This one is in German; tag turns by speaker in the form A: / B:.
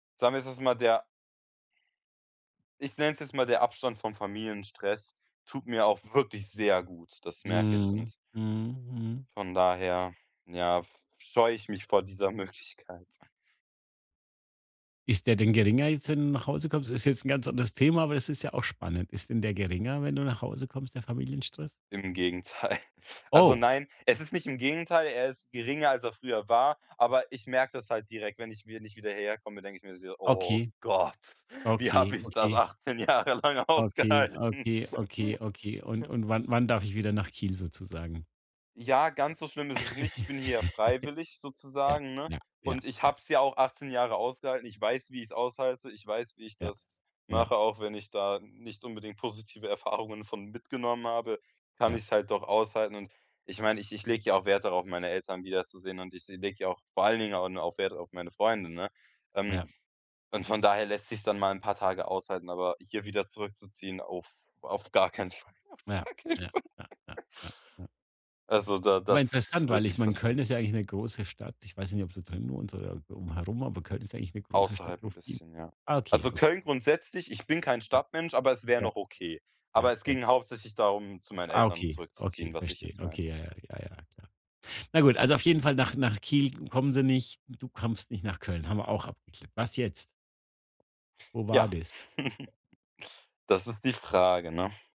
A: Sagen wir, es ist mal der ich nenne es jetzt mal, der Abstand vom Familienstress tut mir auch wirklich sehr gut, das merke ich.
B: Mhm.
A: Und
B: Mhm.
A: von daher, ja, f scheue ich mich vor dieser Möglichkeit.
B: Ist der denn geringer jetzt, wenn du nach Hause kommst? Ist jetzt ganz 'n anderes Thema, aber es ist ja auch spannend. Ist denn der geringer, wenn du nach Hause kommst, der Familienstress?
A: Im Gegenteil. Also,
B: Oh.
A: nein, es ist nicht im Gegenteil, er ist geringer, als er früher war, aber ich merke das halt direkt, wenn ich wenn ich wieder hierher komme, denke ich mir so: „Oh
B: Okay.
A: Gott, wie habe
B: Okay.
A: ich das
B: Okay.
A: 18 Jahre lang
B: Okay.
A: ausgehalten?“
B: Okay. Okay. Okay. Und und wann wann darf ich wieder nach Kiel sozusagen?
A: Ja, ganz so schlimm ist es nicht. Ich bin hier ja freiwillig
B: Ja.
A: sozusagen, ne?
B: Ja. Ja.
A: Und ich
B: Ja.
A: habe es ja auch 18 Jahre ausgehalten. Ich weiß, wie ich es aushalte. Ich weiß, wie ich
B: Ja.
A: das
B: Ja.
A: mache. Auch wenn ich da nicht unbedingt positive Erfahrungen von mitgenommen habe, kann
B: Ja.
A: ich es halt doch aushalten. Und ich meine, ich ich lege ja auch Wert darauf, meine Eltern wiederzusehen und ich s lege ja vor allen Dingen au no auf Wert auf meine Freunde, ne? Ähm,
B: Ja.
A: und von daher lässt es sich es dann mal 'n paar Tage aushalten, aber hier wieder zurückzuziehen, uff, auf auf gar keinen Fall. Auf
B: Ja,
A: gar keinen
B: ja,
A: Fall.
B: ja, ja, ja, ja.
A: Also, da
B: Aber
A: das
B: interessant, weil
A: wird
B: ich
A: nicht
B: meine, Köln
A: passieren.
B: ist ja eigentlich 'ne große Stadt. Ich weiß nicht, ob sozusagen nur unsere um herum, aber Köln ist ja eigentlich 'ne große Stadt,
A: Außerhalb
B: wo
A: 'n
B: viel
A: bisschen, ja.
B: ah okay,
A: Also,
B: okay.
A: Köln grundsätzlich ich bin kein
B: Ja,
A: Stadtmensch, aber es wäre
B: Ja.
A: noch okay.
B: Ja,
A: Aber, es
B: ja.
A: ging hauptsächlich darum, zu meinen
B: Ah.
A: Eltern
B: Okay, okay,
A: zurückzuziehen, was ich
B: verstehe.
A: jetzt
B: Okay,
A: meinte.
B: ja, ja, ja, ja klar. Na gut, also,
A: Genau.
B: auf jeden Fall nach nach Kiel kommen sie nicht, du kommst nicht nach Köln, haben wir auch abgeklärt. Was jetzt? Wo war
A: Ja,
B: das?
A: das ist die Frage, ne?